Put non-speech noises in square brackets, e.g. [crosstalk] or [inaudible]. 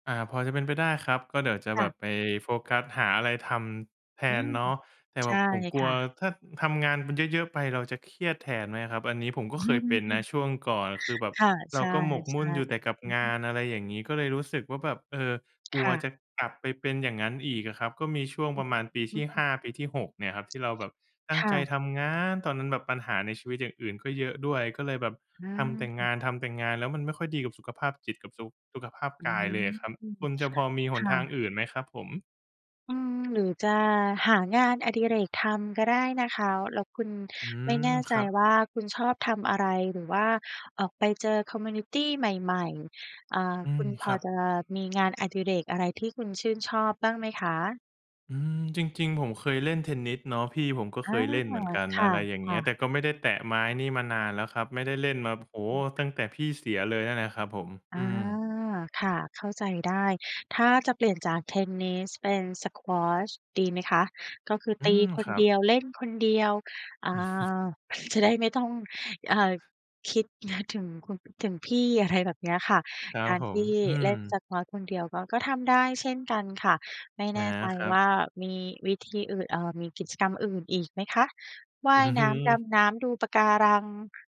อา พอจะเป็นไปได้ครับ ก็เดี๋ยวจะคแบ่บะ ไปโฟกัสหาอะไรทำแทอืนม เนาะ แต่ใชแบ่บผมกคลัว่ะ ถ้าทำงานมันเยอะ ๆ ไปเราจะเครียดแทนไหมอะครับ อันนี้ผมก็เคยเป็นนะ[chuckles] ช่วงก่อน คือแบบค่ะ เรใชา่ ก็หมกใมชุ่ ่นอยู่แต่กับอืองฮาึ น อะไรอย่างงี้ ก็เลยรู้สึกว่าแบบ เอ่อ กลคัว่ะ จะกลับไปเป็นอย่างงั้นอีกอะครับ ก็มีช่วงอ ประมาณปีอทืี่ หม ้า ปีที่ 6 เนี่ยครับ ที่เราแบบตั้คง่ใจะ ทำงาน ตอนนั้นแบบปัญหาในชีวิตอย่างอื่นก็เยอะด้วย ก็เลยแบบทำแต่งอา าน ทำแต่งาน แล้วมันไม่ค่อยดีกับสุขภาพจิตกับ สุ สุขภาพอืกายเลยม อะครับ คุณจะพอมีหคน่ทางะ อื่นไหมครับผม? อืม หรือจะหางานอดิเรกทำก็ได้นะคะ แล้วคุณ อืไม่ม แน่คใจรับ ว่าคุณชอบทำอะไร หรือว่าออกไปเจอ คอมมิวนิตี ใหม่ ๆ อ่า อืคุม ณพครอับ จะมีงานอดิเรกอะไรที่คุณชื่นชอบบ้างไหมคะ? อืม จริง ๆ ผมเคยเล่นเทนนิสเนาะ พี่ผมก็อเคา ยเล่นเหมือนกัน ค่อะะ ไรอย่างคเงี้่ย ะ แต่ก็ไม่ได้แตะไม้นี่มานานแล้วครับ ไม่ได้เล่นมา โอ้โฮ อืม ตั้งแต่พี่เสียเลยนั่นแหละครับผม ออืา ม ค่ะ เข้าใจได้ ถ้าจะเปลี่ยนจากเทนนิส เป็น Squash ดีไหมคะ ก็คืออืตีม คคนรับ เดียว เล่นคนเดียว อ่า [chuckles] [chuckles] จะได้ไม่ต้อง อ่า คิด [chuckles] ถึงคุณ ถึงพี่ อะไรแบบเนี้ยค่ะ ครักบารผทม ี่อืเลม ่น Squash คนเดียวก็ ก็ทำได้เช่นกันค่ะ ไม่อแา น่ใจครัว่บ ามีวิธีอื่น เอ่อ มีกิจกรรมอื่นอีกไหมคะ? วอ่าืยน้ำ ดม ำน้ำ ดูปะการัง